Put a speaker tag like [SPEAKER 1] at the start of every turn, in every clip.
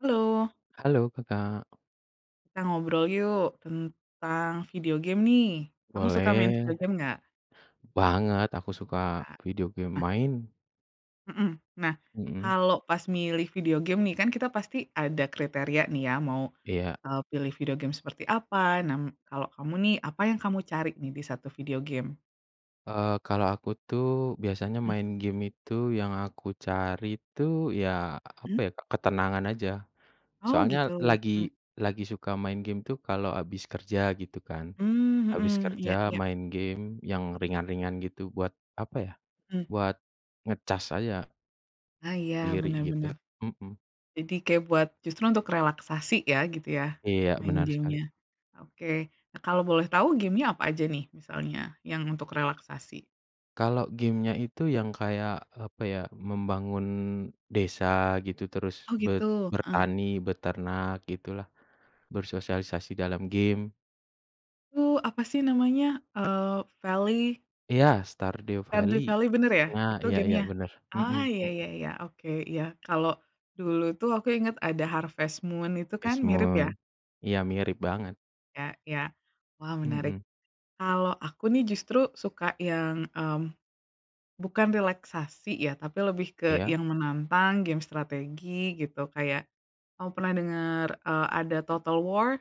[SPEAKER 1] Halo.
[SPEAKER 2] Halo, Kakak.
[SPEAKER 1] Kita ngobrol yuk, tentang video game nih. Kamu suka main video
[SPEAKER 2] Boleh.
[SPEAKER 1] game enggak?
[SPEAKER 2] Banget, aku suka
[SPEAKER 1] Ah.
[SPEAKER 2] video game
[SPEAKER 1] Nah
[SPEAKER 2] main.
[SPEAKER 1] Mhm. Nah,
[SPEAKER 2] Mhm.
[SPEAKER 1] kalo pas milih video game nih, kan kita pasti ada kriteria nih ya, mau,
[SPEAKER 2] Iya.
[SPEAKER 1] eee pilih video game seperti apa? Nah, m kalau kamu nih, apa yang kamu cari nih di satu video game?
[SPEAKER 2] Eee, kalo aku tuh biasanya
[SPEAKER 1] Mmm.
[SPEAKER 2] main game itu yang aku cari tuh ya, apa
[SPEAKER 1] Mmm.
[SPEAKER 2] ya, ketenangan aja.
[SPEAKER 1] Oh
[SPEAKER 2] Soalnya
[SPEAKER 1] gitu,
[SPEAKER 2] lagi,
[SPEAKER 1] mmm.
[SPEAKER 2] lagi suka main game tuh kalo abis kerja gitu kan.
[SPEAKER 1] Mmm,
[SPEAKER 2] Abis
[SPEAKER 1] hmm
[SPEAKER 2] kerja
[SPEAKER 1] iya iya.
[SPEAKER 2] main game yang ringan-ringan gitu buat apa ya,
[SPEAKER 1] Mmm.
[SPEAKER 2] buat ngecas aja.
[SPEAKER 1] Ah iya
[SPEAKER 2] Giri
[SPEAKER 1] bener
[SPEAKER 2] gitu,
[SPEAKER 1] bener.
[SPEAKER 2] mhm.
[SPEAKER 1] Jadi kayak buat justru untuk relaksasi ya, gitu ya,
[SPEAKER 2] Iya,
[SPEAKER 1] main
[SPEAKER 2] benar sekali.
[SPEAKER 1] game-nya? Oke. Nah, kalau boleh tahu game-nya apa aja nih? Misalnya yang untuk relaksasi.
[SPEAKER 2] Kalo game-nya itu yang kayak apa ya, membangun desa gitu, terus
[SPEAKER 1] Oh
[SPEAKER 2] be
[SPEAKER 1] gitu, heeh.
[SPEAKER 2] bertani, beternak gitulah, bersosialisasi dalam game.
[SPEAKER 1] U apa sih namanya? Eee, Valley.
[SPEAKER 2] Iya, Stardew
[SPEAKER 1] Stardew
[SPEAKER 2] Valley.
[SPEAKER 1] Valley bener ya?
[SPEAKER 2] Nah,
[SPEAKER 1] Itu
[SPEAKER 2] iya iya,
[SPEAKER 1] game-nya?
[SPEAKER 2] bener. Mhm
[SPEAKER 1] Ah ya ya
[SPEAKER 2] mhm.
[SPEAKER 1] ya. Oke. Iya. Kalau dulu tuh aku inget ada Harvest Moon itu kan
[SPEAKER 2] Harvest
[SPEAKER 1] mirip
[SPEAKER 2] Moon.
[SPEAKER 1] ya?
[SPEAKER 2] Iya, mirip banget.
[SPEAKER 1] Ya ya. Wah menarik.
[SPEAKER 2] Mhm.
[SPEAKER 1] Kalau aku nih justru suka yang, mmm, bukan relaksasi ya, tapi lebih ke
[SPEAKER 2] Iya.
[SPEAKER 1] yang menantang, game strategi gitu, kayak kamu pernah denger, eee, ada Total War?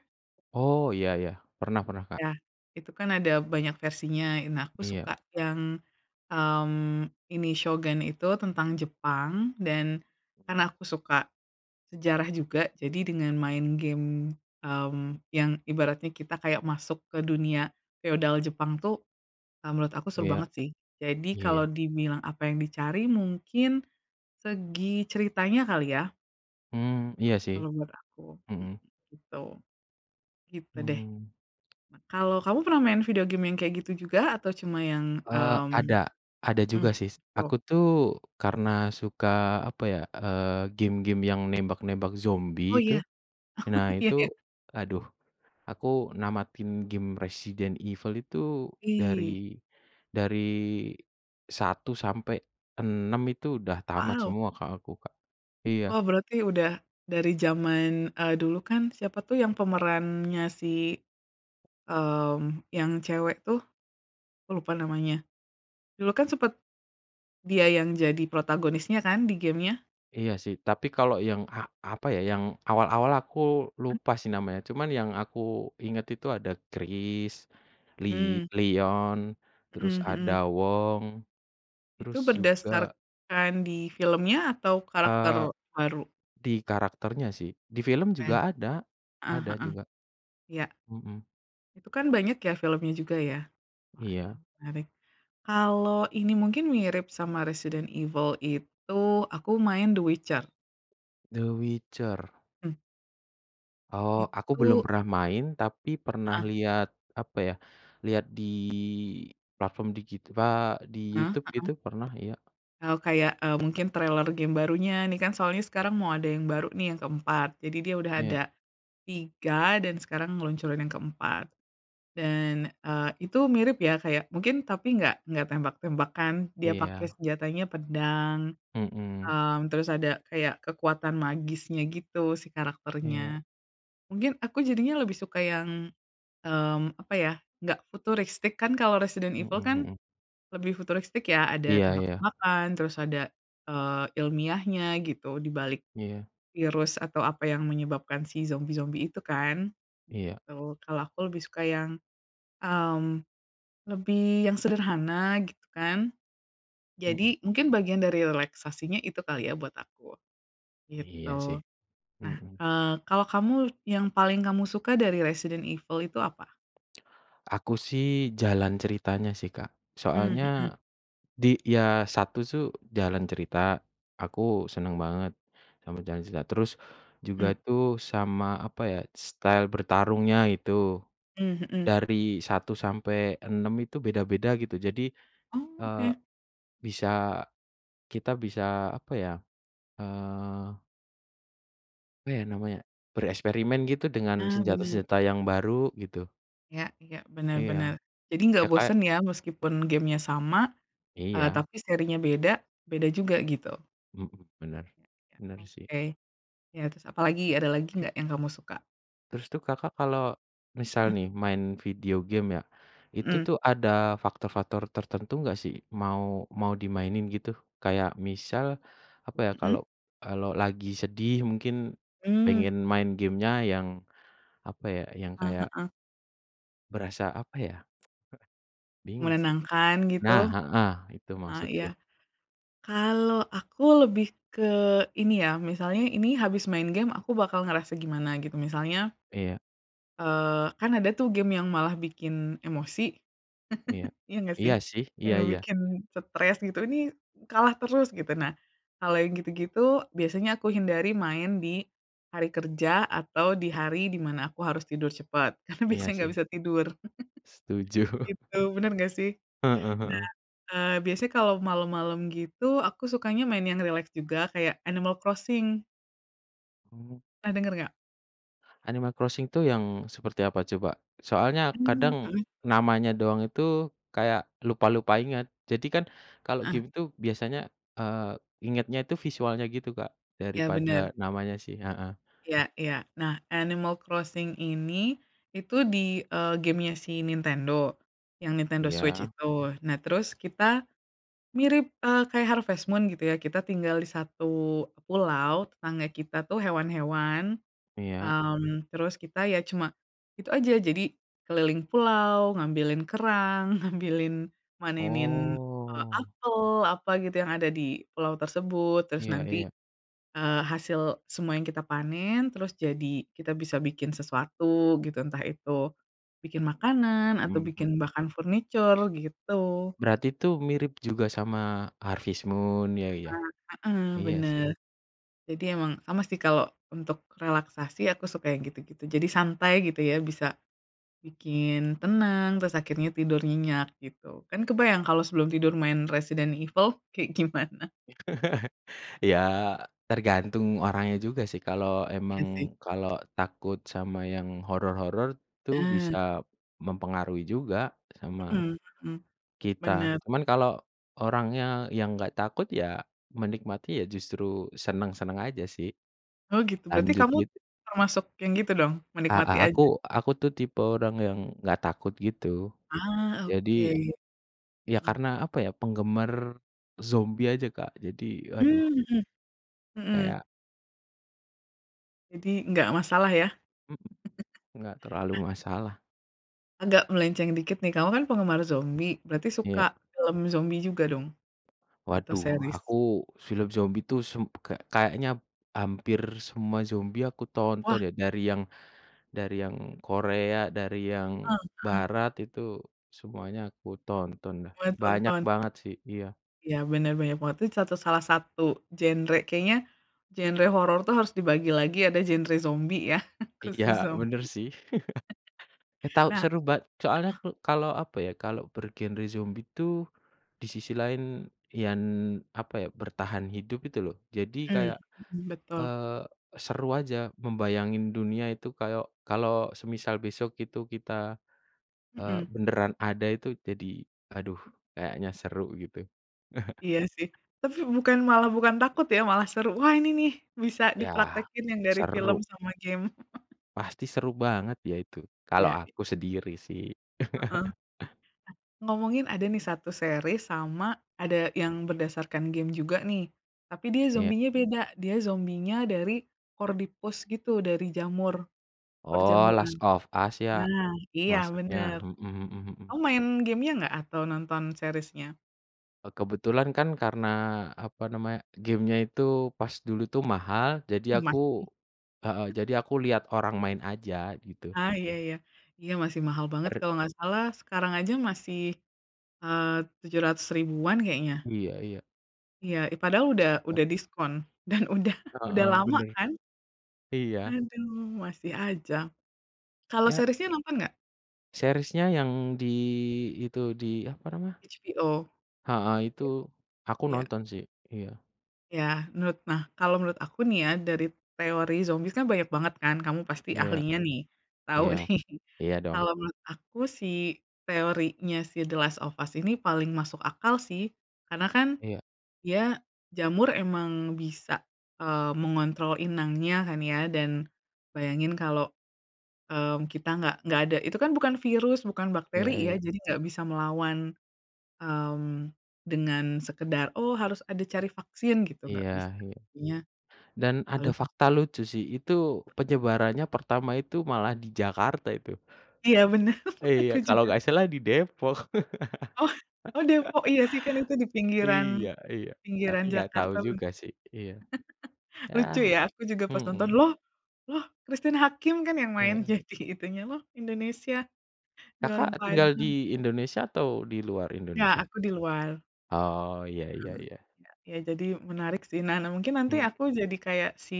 [SPEAKER 2] Oh, iya iya, pernah pernah, Kak.
[SPEAKER 1] Ya itu kan ada banyak versinya. Nah aku
[SPEAKER 2] Iya.
[SPEAKER 1] suka yang, mmm, ini Shogun itu tentang Jepang dan karena aku suka sejarah juga. Jadi dengan main game, mmm, yang ibaratnya kita kayak masuk ke dunia feodal Jepang tuh, eee, menurut aku seru
[SPEAKER 2] Iya.
[SPEAKER 1] banget sih. Jadi kalau
[SPEAKER 2] Iya.
[SPEAKER 1] dibilang apa yang dicari mungkin segi ceritanya kali ya.
[SPEAKER 2] Mmm, iya sih.
[SPEAKER 1] Kalau menurut aku mhm,
[SPEAKER 2] Mhm.
[SPEAKER 1] gitu. Gitu deh.
[SPEAKER 2] Mmm.
[SPEAKER 1] Nah, kalau, kamu pernah main video game yang kayak gitu juga atau cuma yang,
[SPEAKER 2] Eee,
[SPEAKER 1] mmm
[SPEAKER 2] ada ada
[SPEAKER 1] mhm,
[SPEAKER 2] juga sih. Aku
[SPEAKER 1] tuh.
[SPEAKER 2] tuh karena suka apa ya, eee game-game yang nembak-nembak
[SPEAKER 1] Oh,
[SPEAKER 2] zombie itu.
[SPEAKER 1] iya?
[SPEAKER 2] Nah
[SPEAKER 1] Iya
[SPEAKER 2] itu,
[SPEAKER 1] ya.
[SPEAKER 2] aduh, aku namatin game Resident Evil itu
[SPEAKER 1] Ih.
[SPEAKER 2] dari dari 1-6 itu udah tamat
[SPEAKER 1] Wow.
[SPEAKER 2] semua, Kak, aku, Kak. Iya.
[SPEAKER 1] Wah, berarti udah dari jaman, eee, dulu kan? Siapa tuh yang pemerannya si, mmm, yang cewek tuh. Aku lupa namanya. Dulu kan sempet, dia yang jadi protagonisnya kan di game-nya?
[SPEAKER 2] Iya sih, tapi kalau yang a apa ya, yang awal-awal aku
[SPEAKER 1] Mmm.
[SPEAKER 2] lupa sih namanya, cuman yang aku inget itu ada Chris, Li
[SPEAKER 1] Mmm.
[SPEAKER 2] Lion, terus
[SPEAKER 1] Mhm
[SPEAKER 2] Ada
[SPEAKER 1] mhm.
[SPEAKER 2] Wong, terus
[SPEAKER 1] Itu
[SPEAKER 2] juga
[SPEAKER 1] berdasarkan di filmnya atau karakter
[SPEAKER 2] Eee,
[SPEAKER 1] baru?
[SPEAKER 2] di karakternya sih, di film
[SPEAKER 1] Oke,
[SPEAKER 2] juga ada.
[SPEAKER 1] heeh
[SPEAKER 2] Ada
[SPEAKER 1] heeh.
[SPEAKER 2] juga.
[SPEAKER 1] Iya.
[SPEAKER 2] Mhm.
[SPEAKER 1] Itu kan banyak ya filmnya juga ya? Wah, ya
[SPEAKER 2] Iya.
[SPEAKER 1] menarik. Kalau ini, mungkin mirip sama Resident Evil itu aku main The Witcher.
[SPEAKER 2] The Witcher.
[SPEAKER 1] Hmm.
[SPEAKER 2] Oh, aku belum
[SPEAKER 1] Itu
[SPEAKER 2] pernah main, tapi pernah
[SPEAKER 1] Heeh.
[SPEAKER 2] lihat apa ya, lihat di platform digital, di
[SPEAKER 1] Heeh
[SPEAKER 2] YouTube itu
[SPEAKER 1] heeh.
[SPEAKER 2] pernah, iya.
[SPEAKER 1] Oh, kayak, eee, mungkin trailer game barunya, nih, kan, soalnya sekarang mau ada yang baru, nih, yang ke-4 jadi dia udah
[SPEAKER 2] Iya.
[SPEAKER 1] ada 3 dan sekarang ngeluncurin yang ke-4. Dan, eee, itu mirip ya kayak mungkin tapi nggak nggak tembak-tembakan, dia pake
[SPEAKER 2] Iya.
[SPEAKER 1] senjatanya pedang,
[SPEAKER 2] Mhm.
[SPEAKER 1] eee, terus ada kayak kekuatan magisnya gitu si
[SPEAKER 2] Iya.
[SPEAKER 1] karakternya. Mungkin aku jadinya lebih suka yang mmm, apa ya, nggak futuristik, kan kalau Resident Evil
[SPEAKER 2] Mhm
[SPEAKER 1] kan
[SPEAKER 2] mhm.
[SPEAKER 1] lebih futuristik, ya, ada
[SPEAKER 2] Iya iya.
[SPEAKER 1] tembak-tembakan, terus ada, eee, ilmiahnya gitu dibalik
[SPEAKER 2] Iya.
[SPEAKER 1] virus atau apa yang menyebabkan si zombie-zombie itu kan?
[SPEAKER 2] Iya.
[SPEAKER 1] Gitu. Kalau aku lebih suka yang, mmm, lebih yang sederhana, gitu kan.
[SPEAKER 2] Mhm.
[SPEAKER 1] Jadi mungkin bagian dari relaksasinya itu kali ya buat aku,
[SPEAKER 2] Iya sih,
[SPEAKER 1] gitu. Nah,
[SPEAKER 2] mhm.
[SPEAKER 1] eee, kalau kamu yang paling kamu suka dari Resident Evil itu apa?
[SPEAKER 2] Aku sih jalan ceritanya sih, Kak.
[SPEAKER 1] Mmm, mhm.
[SPEAKER 2] Soalnya di ya 1 tuh jalan cerita, aku seneng banget sama jalan cerita. Terus
[SPEAKER 1] Mmm.
[SPEAKER 2] juga tuh sama apa ya, style bertarungnya itu,
[SPEAKER 1] Mmm, mhm.
[SPEAKER 2] dari 1-6 itu beda-beda gitu, jadi,
[SPEAKER 1] Oh
[SPEAKER 2] eee,
[SPEAKER 1] oke.
[SPEAKER 2] bisa kita bisa apa ya, eee Apa ya namanya? Bereksperimen gitu dengan
[SPEAKER 1] Ah bener.
[SPEAKER 2] senjata-senjata yang baru gitu.
[SPEAKER 1] Iya iya, bener bener.
[SPEAKER 2] Iya.
[SPEAKER 1] Jadi
[SPEAKER 2] Ya
[SPEAKER 1] enggak
[SPEAKER 2] kayak
[SPEAKER 1] bosen ya meskipun game-nya sama, eee,
[SPEAKER 2] Iya.
[SPEAKER 1] tapi serinya beda, beda juga gitu.
[SPEAKER 2] Mhm. Benar.
[SPEAKER 1] Iya iya,
[SPEAKER 2] benar sih.
[SPEAKER 1] oke. Ya terus apalagi ada lagi
[SPEAKER 2] [unintelligible]
[SPEAKER 1] nggak yang kamu suka?
[SPEAKER 2] Terus tuh Kakak kalau misal
[SPEAKER 1] Mmm.
[SPEAKER 2] nih main video game ya, itu
[SPEAKER 1] Mhm.
[SPEAKER 2] tuh ada faktor-faktor tertentu enggak sih mau mau dimainin gitu? Kayak misal apa ya, kalau
[SPEAKER 1] Mhm.
[SPEAKER 2] kalau lagi sedih mungkin
[SPEAKER 1] Mmm.
[SPEAKER 2] pengen main game-nya yang apa ya, yang
[SPEAKER 1] Eee,
[SPEAKER 2] kayak
[SPEAKER 1] heeh.
[SPEAKER 2] berasa apa ya? Eh, bingung sih.
[SPEAKER 1] Menenangkan
[SPEAKER 2] Nah,
[SPEAKER 1] gitu.
[SPEAKER 2] heeh, itu
[SPEAKER 1] Eee, iya.
[SPEAKER 2] maksudku.
[SPEAKER 1] Kalau aku lebih ke ini ya, misalnya ini habis main game aku bakal ngerasa gimana gitu. Misalnya
[SPEAKER 2] Iya.
[SPEAKER 1] eee, kan ada tuh game yang malah bikin emosi.
[SPEAKER 2] Iya.
[SPEAKER 1] Iya enggak
[SPEAKER 2] Iya
[SPEAKER 1] sih?
[SPEAKER 2] sih, iya
[SPEAKER 1] Yang
[SPEAKER 2] iya.
[SPEAKER 1] bikin stres gitu, ini kalah terus gitu. Nah, kalau yang gitu-gitu, biasanya aku hindari main di hari kerja atau di hari di mana aku harus tidur cepet, karena
[SPEAKER 2] Iya
[SPEAKER 1] biasanya enggak
[SPEAKER 2] sih.
[SPEAKER 1] bisa tidur.
[SPEAKER 2] Setuju.
[SPEAKER 1] Gitu, bener nggak sih?
[SPEAKER 2] Heeh
[SPEAKER 1] Nah,
[SPEAKER 2] heeh.
[SPEAKER 1] eee, biasanya kalau malem-malem gitu, aku sukanya main yang rileks juga kayak Animal Crossing.
[SPEAKER 2] Oh.
[SPEAKER 1] Pernah dengar enggak?
[SPEAKER 2] Animal Crossing tuh yang seperti apa coba? Soalnya
[SPEAKER 1] Mmm,
[SPEAKER 2] kadang
[SPEAKER 1] heeh.
[SPEAKER 2] namanya doang itu kayak lupa-lupa inget, jadi kan kalau
[SPEAKER 1] Eh.
[SPEAKER 2] game itu biasanya, eee, ingetnya itu visualnya gitu, Kak,
[SPEAKER 1] Iya bener.
[SPEAKER 2] daripada namanya sih heeh.
[SPEAKER 1] Iya. Iya. Nah Animal Crossing ini, itu di, eee, game-nya si Nintendo, yang Nintendo Switch
[SPEAKER 2] Iya.
[SPEAKER 1] itu. Nah, terus kita mirip, eee, kayak Harvest Moon gitu ya. Kita tinggal di satu pulau, tetangga kita tuh, hewan-hewan,
[SPEAKER 2] Iya.
[SPEAKER 1] mmm, terus kita ya cuma itu aja. Jadi keliling pulau ngambilin kerang, ngambilin manenin, eee,
[SPEAKER 2] Oh.
[SPEAKER 1] apel, apa gitu, yang ada di pulau tersebut terus
[SPEAKER 2] Iya
[SPEAKER 1] nanti,
[SPEAKER 2] iya.
[SPEAKER 1] eee, hasil semua yang kita panen, terus jadi kita bisa bikin sesuatu gitu. Entah itu bikin makanan atau
[SPEAKER 2] Mmm, mhm.
[SPEAKER 1] bikin bahkan furniture gitu.
[SPEAKER 2] Berarti tuh mirip juga sama Harvest Moon, ya ya.
[SPEAKER 1] Ah, heeh,
[SPEAKER 2] Iya sih.
[SPEAKER 1] bener. Jadi emang, sama sih, kalo untuk relaksasi aku suka yang gitu-gitu. Jadi santai gitu ya, bisa bikin tenang terus akhirnya tidur nyenyak gitu. Kan kebayang kalau sebelum tidur main Resident Evil kayak gimana?
[SPEAKER 2] Ya, tergantung orangnya juga sih, kalau emang,
[SPEAKER 1] Iya sih.
[SPEAKER 2] kalau takut sama yang horor-horor, tu
[SPEAKER 1] Nah.
[SPEAKER 2] bisa mempengaruhi juga sama
[SPEAKER 1] Heeh heeh,
[SPEAKER 2] kita.
[SPEAKER 1] bener.
[SPEAKER 2] Cuman kalau orangnya yang enggak takut, ya menikmati, ya justru senang-senang aja sih.
[SPEAKER 1] Oh gitu. Berarti
[SPEAKER 2] Lanjut,
[SPEAKER 1] kamu
[SPEAKER 2] gitu.
[SPEAKER 1] termasuk yang gitu dong,
[SPEAKER 2] A a
[SPEAKER 1] menikmati aja?
[SPEAKER 2] aku, aku tuh tipe orang yang enggak takut gitu.
[SPEAKER 1] Ah, oke.
[SPEAKER 2] Jadi, ya
[SPEAKER 1] Heeh.
[SPEAKER 2] karena apa ya, penggemar zombie aja Kak. Jadi, aduh
[SPEAKER 1] Mmm, heeh, heeh.
[SPEAKER 2] kayak
[SPEAKER 1] Jadi, enggak masalah ya?
[SPEAKER 2] Mhm. Nggak terlalu
[SPEAKER 1] Nah
[SPEAKER 2] masalah.
[SPEAKER 1] agak melenceng dikit nih, kamu kan penggemar zombie, berarti
[SPEAKER 2] Iya.
[SPEAKER 1] suka film zombie juga dong, atau
[SPEAKER 2] Waduh,
[SPEAKER 1] series?
[SPEAKER 2] aku film zombie tuh sum ka kayaknya hampir semua zombie aku
[SPEAKER 1] Wah!
[SPEAKER 2] tonton ya, dari yang dari yang Korea, dari
[SPEAKER 1] Heeh
[SPEAKER 2] yang
[SPEAKER 1] heeh.
[SPEAKER 2] Barat, itu semuanya aku tonton dah,
[SPEAKER 1] Buat
[SPEAKER 2] banyak
[SPEAKER 1] tonton?
[SPEAKER 2] banget sih iya.
[SPEAKER 1] Iya, bener banyak banget. Itu contoh salah satu genre kayaknya genre horor tuh harus dibagi lagi, ada genre zombie ya
[SPEAKER 2] Iya,
[SPEAKER 1] khusus
[SPEAKER 2] bener
[SPEAKER 1] zombie.
[SPEAKER 2] sih. Eh tau
[SPEAKER 1] Nah
[SPEAKER 2] seru ba soalnya
[SPEAKER 1] heeh?
[SPEAKER 2] klu kalau apa ya, kalau bergenre zombie tuh di sisi lain yang apa ya, bertahan hidup itu loh. Jadi
[SPEAKER 1] Mmm,
[SPEAKER 2] kayak,
[SPEAKER 1] mhm, betul.
[SPEAKER 2] eee, seru aja membayangin dunia itu kayau kalau semisal besok itu kita, eee,
[SPEAKER 1] Mhm.
[SPEAKER 2] beneran ada itu jadi aduh kayaknya seru gitu.
[SPEAKER 1] Iya sih, tapi bukan malah bukan takut ya, malah seru. Wah ini nih bisa
[SPEAKER 2] Iya,
[SPEAKER 1] dipraktekin yang dari film
[SPEAKER 2] seru.
[SPEAKER 1] sama game.
[SPEAKER 2] Pasti seru banget ya itu, kalau
[SPEAKER 1] Iya, i
[SPEAKER 2] aku sendiri sih.
[SPEAKER 1] Heeh. Ngomongin ada nih 1 series sama ada yang berdasarkan game juga nih. Tapi dia
[SPEAKER 2] Iya.
[SPEAKER 1] zombie-nya beda, dia zombie-nya dari Cordyceps gitu dari jamur,
[SPEAKER 2] Oh,
[SPEAKER 1] perjamuran.
[SPEAKER 2] Last of Us ya,
[SPEAKER 1] Nah iya
[SPEAKER 2] maksudnya?
[SPEAKER 1] bener,
[SPEAKER 2] Mhm mhm mhm.
[SPEAKER 1] kamu main game-nya nggak atau nonton series-nya?
[SPEAKER 2] Eee, kebetulan kan karena apa namanya, game-nya itu pas dulu itu mahal, jadi
[SPEAKER 1] Masih.
[SPEAKER 2] aku heeh, jadi aku lihat orang main aja gitu.
[SPEAKER 1] Ah, iya iya. Iya masih mahal banget
[SPEAKER 2] Er
[SPEAKER 1] kalo nggak salah, sekarang aja masih, eee, Rp.700.000-an kayaknya.
[SPEAKER 2] Iya iya.
[SPEAKER 1] Iya, ih padahal
[SPEAKER 2] Di
[SPEAKER 1] udah
[SPEAKER 2] sekitar.
[SPEAKER 1] udah diskon dan udah udah
[SPEAKER 2] Heeh,
[SPEAKER 1] lama
[SPEAKER 2] bener.
[SPEAKER 1] kan?
[SPEAKER 2] Iya.
[SPEAKER 1] Aduh, masih aja. Kalau
[SPEAKER 2] Ya.
[SPEAKER 1] series-nya nonton enggak?
[SPEAKER 2] Series-nya yang di itu, di apa namanya?
[SPEAKER 1] HBO? bo
[SPEAKER 2] Heeh, itu aku
[SPEAKER 1] ya.
[SPEAKER 2] nonton sih. Iya.
[SPEAKER 1] Ya, menurut nah, kalau menurut aku nih ya, dari teori zombie kan banyak banget kan, kamu pasti
[SPEAKER 2] Iya.
[SPEAKER 1] ahlinya nih, tau
[SPEAKER 2] Iya.
[SPEAKER 1] nih.
[SPEAKER 2] Iya dong.
[SPEAKER 1] Kalau menurut aku si teorinya si The Last of Us ini paling masuk akal sih, karena kan
[SPEAKER 2] Iya.
[SPEAKER 1] dia jamur emang bisa, eee, mengontrol inangnya kan ya, dan bayangin kalo, mmm, kita enggak enggak ada itu kan bukan virus, bukan
[SPEAKER 2] Iya
[SPEAKER 1] bakteri ya.
[SPEAKER 2] iya.
[SPEAKER 1] Jadi enggak bisa melawan, mmm, dengan sekedar, oh harus ada cari vaksin gitu, nggak
[SPEAKER 2] Iya
[SPEAKER 1] bisa,
[SPEAKER 2] iya.
[SPEAKER 1] artinya
[SPEAKER 2] Dan ada
[SPEAKER 1] paling sih
[SPEAKER 2] fakta lucu sih, itu
[SPEAKER 1] [unintelligible] mhm.
[SPEAKER 2] penyebarannya pertama itu malah di Jakarta itu.
[SPEAKER 1] Iya bener.
[SPEAKER 2] Iya,
[SPEAKER 1] Aku
[SPEAKER 2] kalau
[SPEAKER 1] juga.
[SPEAKER 2] enggak salah di Depok.
[SPEAKER 1] Oh oh Depok. Iya sih, kan itu di pinggiran
[SPEAKER 2] Iya iya, tapi
[SPEAKER 1] pinggiran
[SPEAKER 2] enggak tahu
[SPEAKER 1] Jakarta lun
[SPEAKER 2] juga sih, iya. Ya,
[SPEAKER 1] lucu ya, aku juga pas nonton,
[SPEAKER 2] mhm.
[SPEAKER 1] "Loh loh Christine Hakim kan yang main
[SPEAKER 2] Iya.
[SPEAKER 1] jadi itunya loh, Indonesia di warung
[SPEAKER 2] Kakak, tinggal
[SPEAKER 1] Padang."
[SPEAKER 2] di Indonesia atau di luar
[SPEAKER 1] Nggak,
[SPEAKER 2] Indonesia?
[SPEAKER 1] aku di luar.
[SPEAKER 2] Oh, iya iya
[SPEAKER 1] Mmm,
[SPEAKER 2] iya.
[SPEAKER 1] iya iya, jadi menarik sih, Nah nah, mungkin nanti
[SPEAKER 2] Mmm.
[SPEAKER 1] aku jadi kayak si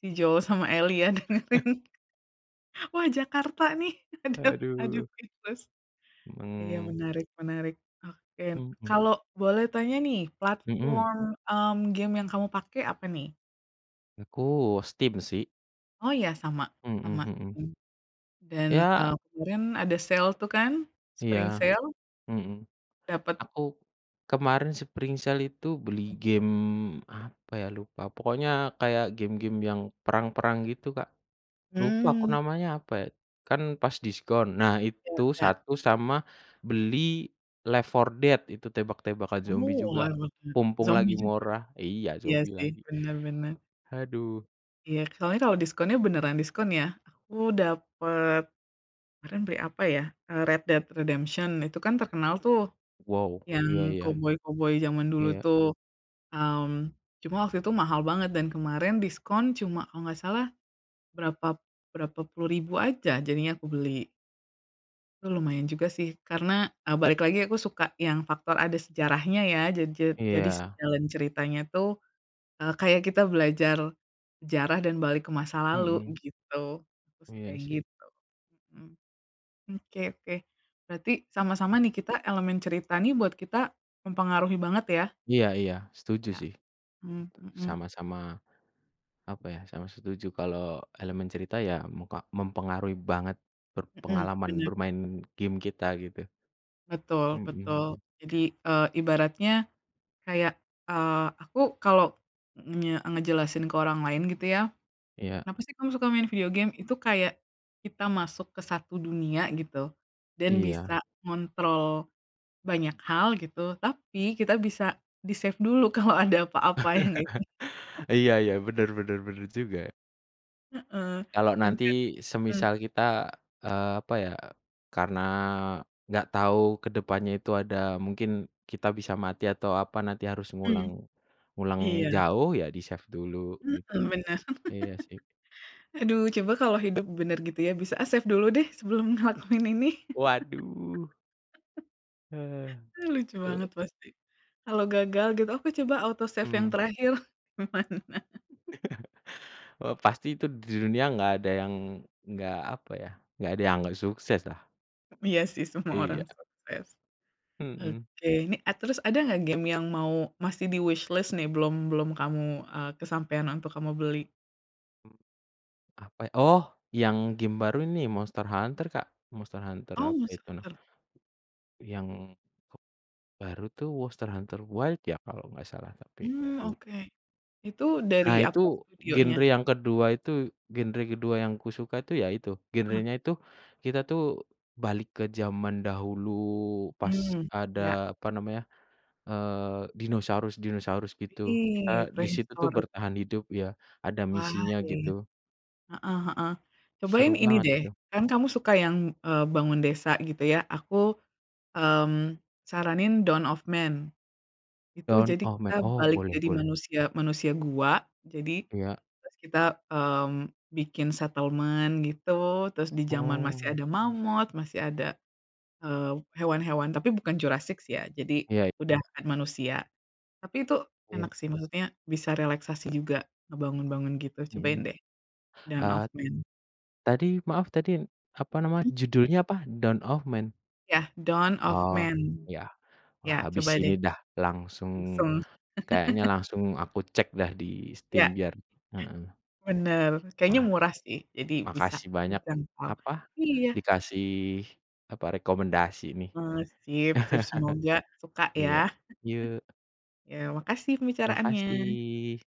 [SPEAKER 1] si Joe sama Eli ya
[SPEAKER 2] Eh?
[SPEAKER 1] dengerin. Wah, Jakarta nih, aduh aduh
[SPEAKER 2] Aduh.
[SPEAKER 1] speechless. Iya
[SPEAKER 2] Mhm.
[SPEAKER 1] menarik menarik, oke.
[SPEAKER 2] Mhm.
[SPEAKER 1] Kalo boleh tanya nih
[SPEAKER 2] Mhm?
[SPEAKER 1] platform, mmm, game yang kamu pake apa nih?
[SPEAKER 2] Aku, Steam sih.
[SPEAKER 1] Oh iya? Sama
[SPEAKER 2] Mhm
[SPEAKER 1] sama,
[SPEAKER 2] mhm.
[SPEAKER 1] mmm, dan,
[SPEAKER 2] Iya
[SPEAKER 1] eee, kemarin ada sale tuh kan,
[SPEAKER 2] Iya,
[SPEAKER 1] Spring sale?
[SPEAKER 2] mhm.
[SPEAKER 1] Dapet?
[SPEAKER 2] Aku kemarin Spring Sale itu beli
[SPEAKER 1] Mhm.
[SPEAKER 2] game apa ya, lupa. Pokoknya kayak game-game yang perang-perang gitu, Kak. Lupa aku
[SPEAKER 1] Mmm.
[SPEAKER 2] namanya apa ya? Kan pas diskon, nah
[SPEAKER 1] Iya
[SPEAKER 2] itu
[SPEAKER 1] iya.
[SPEAKER 2] 1 sama beli Left 4 Dead itu tembak-tembakan zombie
[SPEAKER 1] Oh,
[SPEAKER 2] juga,
[SPEAKER 1] Left 4 Dead,
[SPEAKER 2] mumpung lagi
[SPEAKER 1] zombie juga?
[SPEAKER 2] murah iya,
[SPEAKER 1] Iya
[SPEAKER 2] zombie
[SPEAKER 1] sih,
[SPEAKER 2] lagi.
[SPEAKER 1] bener bener.
[SPEAKER 2] Haduh.
[SPEAKER 1] Iya, soalnya kalau diskonnya beneran diskon yah. Aku dapet kemaren beli apa ya eee, Red Dead Redemption. Itu kan terkenal tuh
[SPEAKER 2] Wow.
[SPEAKER 1] yang
[SPEAKER 2] Iya-iya.
[SPEAKER 1] koboi-koboi zaman dulu
[SPEAKER 2] Iya.
[SPEAKER 1] tuh, mmm, cuma waktu itu mahal banget dan kemaren diskon cuma kalo nggak salah, berapa berapa puluh ribu aja, jadinya aku beli. Lu lumayan juga sih karena, eee, balik lagi, aku suka yang faktor ada sejarahnya ya. Ja ja jadi si
[SPEAKER 2] Iya.
[SPEAKER 1] jalan ceritanya tuh, eee, kayak kita belajar sejarah dan balik ke masa lalu
[SPEAKER 2] Mhm.
[SPEAKER 1] gitu, terus
[SPEAKER 2] Iya
[SPEAKER 1] kayak
[SPEAKER 2] sih.
[SPEAKER 1] gitu. Mhm. Hmm, oke oke, berarti sama-sama
[SPEAKER 2] Mhm.
[SPEAKER 1] nih kita elemen cerita nih buat kita mempengaruhi banget ya?
[SPEAKER 2] Iya iya, setuju
[SPEAKER 1] Iya.
[SPEAKER 2] sih.
[SPEAKER 1] Mhm mhm.
[SPEAKER 2] Sama-sama apa ya, sama setuju kalau elemen cerita ya, muka mempengaruhi banget ber
[SPEAKER 1] Mhm,
[SPEAKER 2] pengalaman
[SPEAKER 1] bener.
[SPEAKER 2] bermain game kita gitu.
[SPEAKER 1] Betul
[SPEAKER 2] Mhm
[SPEAKER 1] betul.
[SPEAKER 2] mhm.
[SPEAKER 1] Jadi, eee, ibaratnya kayak, eee, aku kalo ngenye ngejelasin ke orang lain gitu ya.
[SPEAKER 2] Iya.
[SPEAKER 1] Kenapa sih kamu suka main video game? Itu kayak kita masuk ke 1 dunia gitu dan
[SPEAKER 2] Iya.
[SPEAKER 1] bisa ngontrol banyak hal gitu, tapi kita bisa di-save dulu kalo ada apa-apa, ya gak sih?
[SPEAKER 2] Iya iya, bener bener bener juga.
[SPEAKER 1] Heeh,
[SPEAKER 2] Kalau
[SPEAKER 1] bener.
[SPEAKER 2] nanti,
[SPEAKER 1] Mhm.
[SPEAKER 2] semisal kita eee, apa ya, karena enggak tahu ke depannya itu ada mungkin kita bisa mati atau apa nanti harus
[SPEAKER 1] Mmm.
[SPEAKER 2] ngulang ngulang
[SPEAKER 1] Iya.
[SPEAKER 2] jauh ya di-save dulu gitu.
[SPEAKER 1] Heeh, benar.
[SPEAKER 2] Iya sih.
[SPEAKER 1] Aduh, coba kalau hidup bener gitu ya, bisa, "Ah, save dulu deh sebelum ngelakuin ini."
[SPEAKER 2] Waduh. Heeh,
[SPEAKER 1] Ah, lucu
[SPEAKER 2] duh.
[SPEAKER 1] banget pasti. Kalau gagal gitu, aku coba auto save yang
[SPEAKER 2] Mhm.
[SPEAKER 1] terakhir, gimana?
[SPEAKER 2] Eee, pasti tuh di dunia enggak ada yang enggak, apa ya, enggak ada yang enggak sukses lah.
[SPEAKER 1] Mmm, iya sih, semua orang
[SPEAKER 2] Iya.
[SPEAKER 1] sukses.
[SPEAKER 2] Mhm.
[SPEAKER 1] Oke, nih eee, terus ada enggak game yang mau masih di wishlist nih, belum belum kamu, eee, kesampean untuk kamu beli?
[SPEAKER 2] Hmm, apa ya, oh yang game baru ini, Monster Hunter Kak, Monster Hunter
[SPEAKER 1] Oh,
[SPEAKER 2] apa
[SPEAKER 1] Monster
[SPEAKER 2] itu nam
[SPEAKER 1] Hunter?
[SPEAKER 2] yang kep baru tuh Monster Hunter Wilds ya, kalau enggak salah, tapi
[SPEAKER 1] Hmm,
[SPEAKER 2] lupa.
[SPEAKER 1] oke. Itu
[SPEAKER 2] Nah,
[SPEAKER 1] dari
[SPEAKER 2] itu
[SPEAKER 1] apa
[SPEAKER 2] genre
[SPEAKER 1] studionya?
[SPEAKER 2] yang kedua itu genre kedua yang aku suka itu, ya itu.
[SPEAKER 1] Ah.
[SPEAKER 2] Genrenya itu kita tuh balik ke zaman dahulu pas
[SPEAKER 1] Mmm.
[SPEAKER 2] ada
[SPEAKER 1] Iya.
[SPEAKER 2] apa namanya, eee, dinosaurus-dinosaurus gitu. Kita
[SPEAKER 1] Ih,
[SPEAKER 2] di situ tuh
[SPEAKER 1] [unintelligible]
[SPEAKER 2] bertahan hidup ya, ada
[SPEAKER 1] Wah,
[SPEAKER 2] misinya
[SPEAKER 1] iya iya.
[SPEAKER 2] gitu.
[SPEAKER 1] Heeh heeh. Cobain
[SPEAKER 2] Seru
[SPEAKER 1] ini
[SPEAKER 2] banget
[SPEAKER 1] deh,
[SPEAKER 2] itu.
[SPEAKER 1] kan kamu suka yang, eee, bangun desa gitu ya, aku, mmm, saranin Dawn Of Man. Itu
[SPEAKER 2] Dawn
[SPEAKER 1] jadi
[SPEAKER 2] Of
[SPEAKER 1] kita
[SPEAKER 2] Man? Oh,
[SPEAKER 1] balik
[SPEAKER 2] boleh
[SPEAKER 1] jadi
[SPEAKER 2] boleh.
[SPEAKER 1] manusia manusia gua. Jadi
[SPEAKER 2] Iya.
[SPEAKER 1] terus kita, mmm, bikin settlement gitu. Terus di zaman masih
[SPEAKER 2] Oh.
[SPEAKER 1] ada mammoth, masih ada, eee, hewan-hewan tapi bukan Jurassic sih ya, jadi
[SPEAKER 2] Iya iya.
[SPEAKER 1] udah ada manusia. Tapi itu
[SPEAKER 2] Iya.
[SPEAKER 1] enak sih. Maksudnya bisa relaksasi juga ngebangun-bangun gitu. Cobain
[SPEAKER 2] Mhm.
[SPEAKER 1] deh Dawn
[SPEAKER 2] Eee,
[SPEAKER 1] Of Man.
[SPEAKER 2] tadi maaf tadi apa namanya,
[SPEAKER 1] Mhm.
[SPEAKER 2] judulnya apa, Dawn Of Man?
[SPEAKER 1] Iya, Dawn Of
[SPEAKER 2] Oh,
[SPEAKER 1] Man.
[SPEAKER 2] iya.
[SPEAKER 1] Iya
[SPEAKER 2] Wah habis
[SPEAKER 1] coba
[SPEAKER 2] ini
[SPEAKER 1] deh.
[SPEAKER 2] dah langsung
[SPEAKER 1] Iseng.
[SPEAKER 2] kayaknya langsung aku cek dah di Steam
[SPEAKER 1] Iya.
[SPEAKER 2] biar heeh.
[SPEAKER 1] Bener, kayaknya
[SPEAKER 2] Wah.
[SPEAKER 1] murah sih, jadi bisa
[SPEAKER 2] Makasih banyak
[SPEAKER 1] kejangkau.
[SPEAKER 2] apa
[SPEAKER 1] Iya.
[SPEAKER 2] dikasih apa, rekomendasi nih.
[SPEAKER 1] Eee. Sip sip, semoga suka ya.
[SPEAKER 2] Iya, yuk.
[SPEAKER 1] Iya, makasih pembicaraannya.
[SPEAKER 2] Makasih.